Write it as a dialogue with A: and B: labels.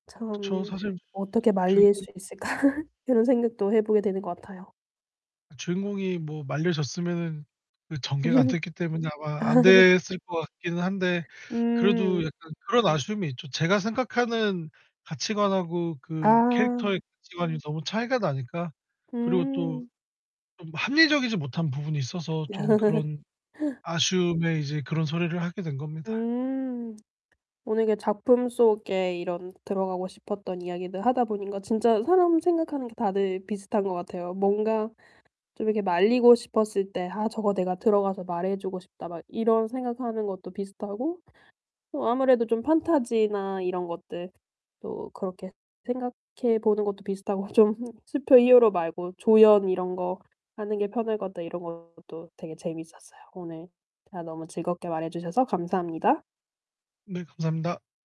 A: 어 그쵸.
B: 참
A: 사실
B: 어떻게 말릴
A: 주인공
B: 수 있을까? 그런 생각도 해 보게 되는 것 같아요.
A: 주인공이 뭐 말려졌으면은 그 전개가 안
B: 음.
A: 됐기 때문에 아마 안
B: 아.
A: 됐을 것 같기는 한데 그래도
B: 음.
A: 약간 그런 아쉬움이 있죠. 제가 생각하는 가치관하고 그
B: 아.
A: 캐릭터의 가치관이 너무 차이가 나니까. 그리고 또
B: 음.
A: 좀 합리적이지 못한 부분이 있어서 좀 그런 아쉬움에 이제 그런 소리를 하게 된 겁니다.
B: 음. 오늘 그 작품 속에 이런 들어가고 싶었던 이야기들 하다 보니까 진짜 사람 생각하는 게 다들 비슷한 것 같아요. 뭔가 좀 이렇게 말리고 싶었을 때 '아 저거 내가 들어가서 말해 주고 싶다.' 막 이런 생각하는 것도 비슷하고 어 아무래도 좀 판타지나 이런 것들 또 그렇게 생각해 보는 것도 비슷하고 좀 '슈퍼 히어로 말고 조연 이런 거 하는 게 편할 것 같다.' 이런 것도 되게 재밌었어요. 오늘 다 너무 즐겁게 말해 주셔서 감사합니다.
A: 네 감사합니다.